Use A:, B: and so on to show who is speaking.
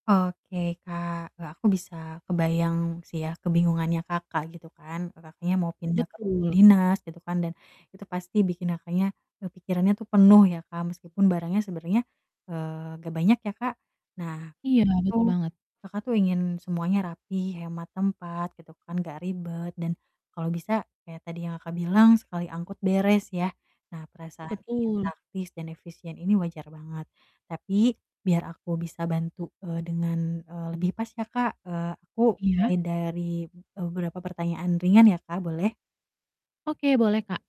A: Oke Kak, eee, aku bisa kebayang sih ya, kebingungannya Kakak gitu kan, Kakaknya mau pindah ke rumah
B: Betul.
A: dinas gitu kan, dan itu pasti bikin Kakaknya, eee, pikirannya tuh penuh ya Kak, meskipun barangnya sebenernya, eee, gak banyak ya Kak, Nah,
B: Iya, betul
A: itu
B: banget.
A: Kakak tuh ingin semuanya rapih, hemat tempat gitu kan, gak ribet dan kalau bisa kayak tadi yang Kakak bilang sekali angkut beres ya. Nah perasaan ingin
B: Betul.
A: taktis dan efisien ini wajar banget, tapi biar aku bisa bantu, eee, dengan, eee, lebih pas ya Kak, eee, aku
B: Iya.
A: mulai dari, eee, beberapa pertanyaan ringan ya Kak, boleh?
B: Oke, boleh Kak.